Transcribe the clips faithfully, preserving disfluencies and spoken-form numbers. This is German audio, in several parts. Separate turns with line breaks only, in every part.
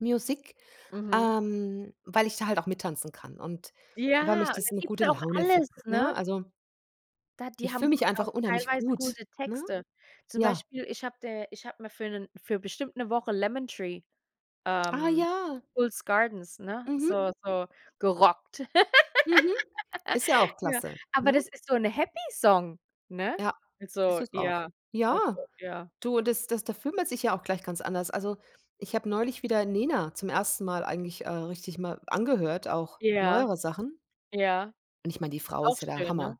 Music,
Mhm.
ähm weil ich da halt auch mittanzen kann und weil
Ja,
mich
und
das
da
in 'ne
gibt's
gute
auch
Laune
alles,
verbr ne?
ne?
Also
Da die
Ich fühle
haben
mich
[unintelligible]
einfach
auch
unheimlich
teilweise
gut,
gute
ne?
Texte. Zum
Ja.
Beispiel, ich habe der ich habe mir für 'nen für bestimmt 'ne Woche „Lemon Tree“,
Ah,
ähm,
ja.
The Fools Gardens, ne,
Mhm.
so so gerockt.
Mhm. Ist ja auch
Ja,
klasse,
aber
ne?
das ist so 'ne Happy Song, ne?
Ja. Ist
Also,
es auch.
ja also,
Ja,
ja.
du, das das da fühlt man sich ja auch gleich ganz anders. Also, ich habe neulich wieder Nena zum ersten Mal eigentlich, äh, richtig mal angehört, auch
Ja,
neuere Sachen.
ja,
Und ich meine, die Frau
auch
ist ja der
schön, ne?
Hammer.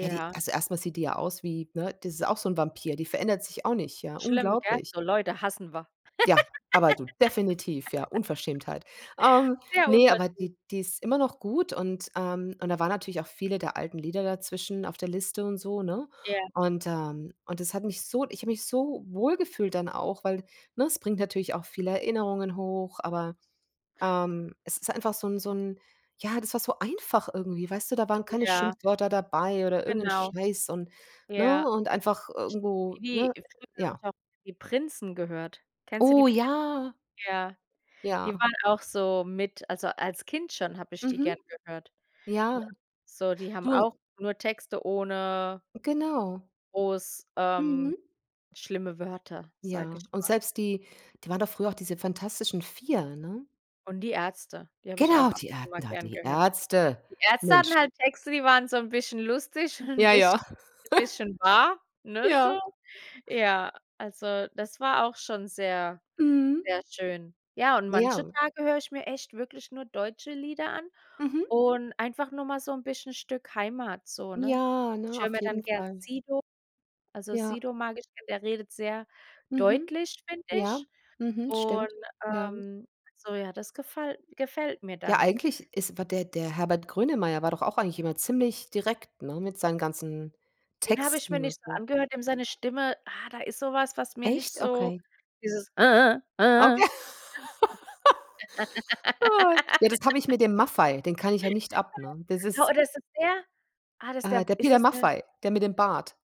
Ja, die also, erst mal sieht die ja aus wie ne, die ist auch so 'n Vampir, die verändert sich auch nicht, ja,
Schlimm, gell?
unglaublich.
So Leute hassen wir.
Ja, aber du definitiv, ja, Unverschämtheit. Ähm,
Sehr
ne, aber
unverschämt.
die die ist immer noch gut und ähm, und da waren natürlich auch viele der alten Lieder dazwischen auf der Liste und so, ne?
Ja.
Und ähm, und das hat mich so ich habe mich so wohl gefühlt dann auch, weil, ne, es bringt natürlich auch viele Erinnerungen hoch, aber, ähm, es ist einfach so 'n so 'n ja, das war so einfach irgendwie, weißt du? Da waren keine
Ja.
Schimpfwörter dabei oder irgend 'n
Genau.
Scheiß und, ne
Ja.
und einfach irgendwo
Hm.
ne, ja.
[unintelligible] die Prinzen gehört. Kennst du die
Oh,
Prinzen?
ja.
Ja, die
Ja.
waren auch so mit also, als Kind schon habe ich die
Mhm.
gerne gehört, ne?
Ja.
So, die haben
Du un
auch nur Texte ohne
Genau.
groß, ähm,
Mhm.
schlimme Wörter, sage
Ja.
ich
Und
mal.
selbst die die waren doch früher auch diese Fantastischen 4, ne?
Und die Ärzte, die habe ich
Genau,
auch ab
die
und
Är
zu mal
na
gern
die
gehört.
Ärzte.
Die Ärzte hatten
Mensch.
halt Texte, die waren so 'n bisschen lustig und 'n
Ja, ja.
bisschen bisschen wahr, ne, so.
Ja.
Ja, also, das war auch schon sehr,
Mhm.
sehr schön. Ja, und manche
Ja.
Tage höre ich mir echt wirklich nur deutsche Lieder an
Mhm.
und einfach nur mal so 'n bisschen Stück Heimat so, ne?
Ja,
Ich
ne,
höre
auf
mir dann
jeden
gern
Fall.
Sido also,
Ja.
Sido mag ich, denn der redet sehr
Mhm.
deutlich, finde
Ja,
ich.
mhm,
Und,
stimmt. Ja.
ähm so ja, das gefall gefällt mir
Ja,
dann.
eigentlich ist wa der der Herbert Grönemeyer war doch auch eigentlich immer ziemlich direkt, ne, mit seinen ganzen
Den habe ich mir
Texten und
nicht so
so.
angehört, dem seine Stimme ah, da ist so was, was mir nicht
Echt?
so
Okay.
dieses
Okay. Ah. Ja, das habe ich mit dem Maffay, den kann ich ja nicht ab, ne? Das
Ah,
ist
oder so sehr ah, das ist
Äh,
der
der
ist
Peter
das der
Maffay, der mit dem Bart.